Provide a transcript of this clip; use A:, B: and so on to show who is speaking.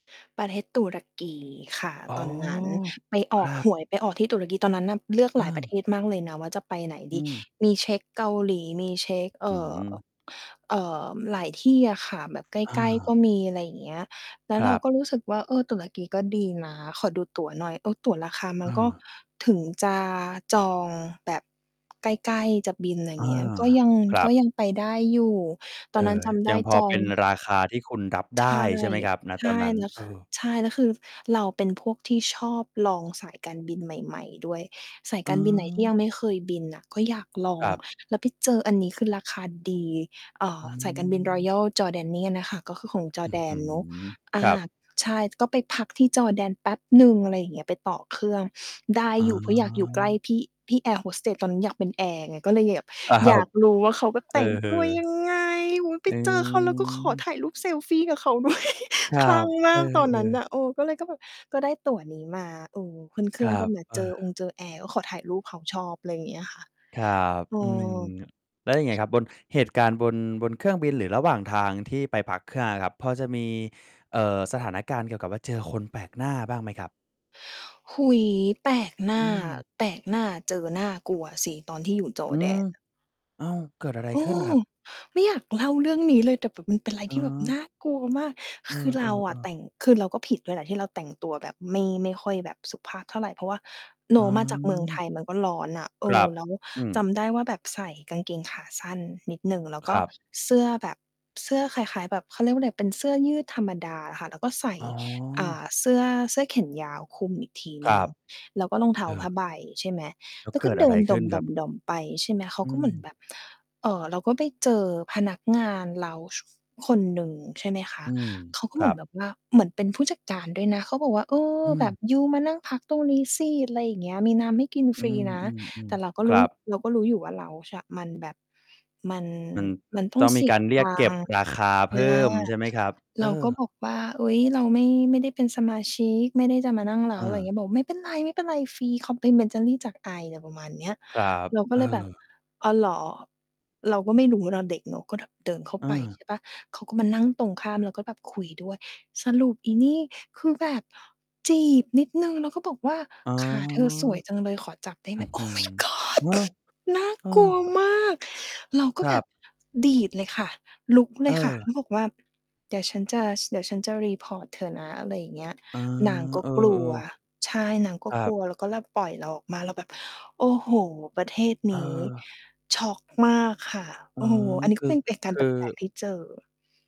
A: ประเทศตุรกีค่ะ
B: อ๋อ
A: ตอนนั้น ไปอ
B: ค
A: อ
B: รั
A: ก
B: บ
A: หวยไปออกที่ตุรกี ตอนนั้นน่ะเลือกหลายประเ
B: เออ
A: ทศมากเลยนะว่า จะไปไหน
B: อ
A: ด
B: ื
A: ี
B: ม
A: มีเช็ก เกาหลี มีเช็ก เอ
B: อื้
A: ่
B: อฮ
A: อ
B: ือ
A: เอ่อ หลายที่อะค่ะ แบบใ
B: อ
A: กล้ ๆ ก
B: า
A: ็มี อะไรอย่างเงี้ย แล้
B: ค
A: ว
B: ร
A: เรา
B: ับ
A: ก็รู้สึกว่า เออ ตุรกี ก็ดีนะ ขอดูตั๋วหน่อย เออ ตั๋วราคามั
B: อ
A: นก็
B: า
A: ถึงจะจองแบบใกล้ ๆ จะบิน อะไรอย
B: อ
A: ่
B: า
A: างเงี้ย ก็ยัง
B: ครั
A: ก็
B: บ
A: ยังไปได้อยู่ ต
B: เออ ยังพอเป็
A: อ
B: น
A: นนั้นจำได้จอง
B: ราคาที่คุณรับไ
A: ใ
B: ด
A: ช่
B: ้ใช่ไหมครับ? ณ
A: ใช
B: ต
A: ่
B: อนนั้น
A: แล้ว
B: เออ
A: ใช่ แล้วคือ เราเป็นพวกที่ชอบลองสายการบินใหม่ ๆ ด้วย สายการบินไหนที่ย
B: เออ
A: ังไม่เคยบินน่ะ ก็อยากลอ
B: คร
A: ง
B: ับ
A: แล้วไปเจออันนี้ คือราคาดี เอ่
B: อ
A: อ
B: ื
A: สายการบิน
B: ม
A: Royal Jordanian น่ะค่ะ ก็คือของจอ
B: อ
A: ร
B: ื้
A: ์แ
B: อ
A: ด
B: ฮ
A: น
B: ื
A: เนาะ
B: อ
A: อ
B: ค
A: า
B: รับ
A: ใช่ ก็ไปพักที่จอร์แดนแป๊บหนึ่ง อะไรอย่างเงี้ย ไปต่อเครื่องได้
B: อ
A: อยู่ เพราะอยากอยู่ใกล้
B: า
A: พี่ พี่แอร์โฮสเตส ตอนนั้นอยากเป็นแอร์ไง ก็เลยแบบ
B: ครั
A: อยา
B: บ
A: กรู้ว่า เขาก็
B: เอ
A: แต่งตัวย
B: อ
A: ังไง โอ้โฮ ไป
B: อ
A: เจอเขา แล้วก็ขอ
B: ืม
A: ถ่ายรูปเซลฟีกับเขา ด้วย
B: ครั
A: คลั่
B: บ
A: งม
B: เอ
A: า
B: อ
A: กตอน
B: เอ
A: นั้นน
B: อ
A: ่ะ เออ ก็เลยก็แบบ ก็ได้ตั๋วนี้มา เออ ขึ้นเค
B: ค
A: รื่
B: ร
A: อ
B: ั
A: ง ก็
B: บ
A: มา
B: เอ
A: เจอ
B: อ
A: องเจอแอร์ ก็ขอถ่ายรูปเขา ชอบ อะไรอย่างเงี้ยค่ะ
B: ครับ
A: เออ
B: อืม แล้วยังไงครับ? บน เหตุการณ์บน บนเครื่องบิน หรือระหว่างทางที่ไปพักเครื่องอะครับ พอจะมี เอ่อ สถานการณ์เกี่ยวกับว่าเจอคนแปลกหน้าบ้างไหมครับ?
A: โอ้โฮ แปลกหน
B: อ
A: ้
B: ื
A: า
B: ม
A: แปลกหน้า เจอน่ากลัวอะสิ ตอนที่อยู่จอ
B: อื
A: ร์แด
B: ม
A: น น่ะ
B: อ้าว เกิดอะไร
A: เอ
B: ขึ้นค
A: อ
B: รับ?
A: ไม่อยากเล่าเรื่องนี้เลย แต่แบบมันเป็นอะไร
B: อ๋
A: ที่แบบ
B: อ
A: น่ากลัวมาก
B: เอ
A: คือ เราอะ
B: อ
A: แต
B: ๆ ๆ
A: ่ง คือ เราก็ผิดด้วยแหละ ที่เราแต่งตัวแบบไม่ ไม่ค่อยแบบสุภาพเท่าไร เพราะว่า เน
B: อ๋
A: าะ มาจาก เมืองไท
B: อ
A: ย มันก็ร้อนน่ะ เอ
B: คร
A: อ
B: ับ
A: แล้ว
B: อื
A: จ
B: ม
A: ำได้ว่าแบบใส่กางเกงขาสั้นนิดหนึ่ง แล้ว
B: ค
A: ก็
B: รับ
A: เสื้อแบบ เสื้อคล้าย ๆ แบบ เขาเรียกว่าอะไร เป็นเสื้อยืดธรรมดาอะค่ะ แล้วก็ใส่
B: อ๋
A: อ่
B: อ
A: า เสื้อ เสื้อเแขนยาวคลุมอีกที
B: ค
A: หน
B: ร
A: ึ่ง
B: ับ
A: แล้วก็รองเท้า
B: เอ
A: ผ้า
B: อ
A: ใบ ใช่ไหม
B: แล้
A: แ
B: ว
A: ล้ว
B: เ
A: ก
B: ก
A: ็
B: ิด
A: เด
B: อะ
A: ิ
B: ไร
A: น
B: ข
A: ด่
B: ึ้นครับ?
A: อม ๆ ๆ ไปใช่ไหม เขา
B: อื
A: ก็เหมือน
B: ม
A: แบบ เอ่อ เราก็ไปเจอพนักงานเลานจ์คนหนึ่งใช่ไหมคะ
B: อืม
A: เขาก็
B: ค
A: เห
B: ร
A: ม
B: ั
A: ือน
B: บ
A: แบบว่า เหมือนเป็นผู้จัดการด้วยนะ เขาบอกว่า เออ
B: อื
A: แบ
B: ม
A: บยูมานั่งพักตรงนี้สิ อะไรอย่างเงี้ย มีน้ำให้กิน
B: อ
A: ฟ
B: ื
A: รีนะ แต
B: ม
A: ่เรา
B: ๆ
A: ก็
B: ๆ ค
A: รู
B: ร
A: ้
B: ับ
A: เราก็รู้อยู่ว่าเลานจ์ ช มันแบบ มัน
B: มัน
A: มันต้อ
B: ต้
A: ง
B: อง
A: เ
B: ม
A: ส
B: ี
A: ี
B: ก
A: ย
B: ารเร
A: ต
B: ียก
A: ั
B: เก็บ
A: งค์
B: ราคา
A: อ
B: เพ
A: า
B: ิ่มใช่ไหมครับ? เ
A: เ
B: อ
A: ราก
B: อ
A: ็บอกว่า เฮ้ย เราไม่ ไม่ได้เป็นสมาชิก ไม่ได้จะมานั่งเล
B: เ
A: านจ์ อะไรอย่างเง
B: ออ
A: ี้ย บอกไม่เป็นไร ไม่เป็นไร ฟรี complimentary จากไอ อะไรประมาณเนี้ย
B: ครับ
A: เราก็
B: เอ
A: เลยแบบ
B: อ
A: อ๋อ เหรอ เราก็ไม่รู้ เราเด็กเนาะ ก็แบบเดินเข้าไป
B: เออ
A: ใช่เปล่า? เขาก็มานั่งตรงข้าม แล้วก็แบบคุยด้วย สรุปอีนี่ คือแบบจีบนิดหนึ่ง แล้วก็บอกว่า
B: อ๋อ
A: "ขาเธอสวยจังเลย ขอจับได้ไ
B: อ
A: ห
B: ื
A: ม?"
B: ้อฮื
A: Oh
B: อ
A: My
B: โอ้
A: God
B: โฮ
A: น่า
B: เออ
A: กลัวมาก เราก
B: ค
A: ็
B: ร
A: แบ
B: ับ
A: บดีดเลยค่ะ ลุกเลยค่ะ
B: เออ
A: แล้วบอกว่า เดี๋ยวฉันจะ เดี๋ยวฉันจะ report เธอนะ อะไรอย่างเงี้ย
B: อ๋อ
A: นางก็
B: เออ
A: กลัว
B: ๆ
A: ใช่ นางก็
B: ครั
A: กล
B: บ
A: ัว แล้วก็เลยปล่อยเราออกมา เราแบบ โอ้โฮ ประเทศ
B: เ
A: นี้
B: ออ
A: ช็อกมากค่ะ
B: อ๋
A: โ
B: อ
A: อ้โฮ อันนี้
B: ค
A: ก็
B: ือ
A: เป็นเหตุกา
B: ค
A: รณ์แ
B: ือ
A: ปลก ๆ ที่เจอ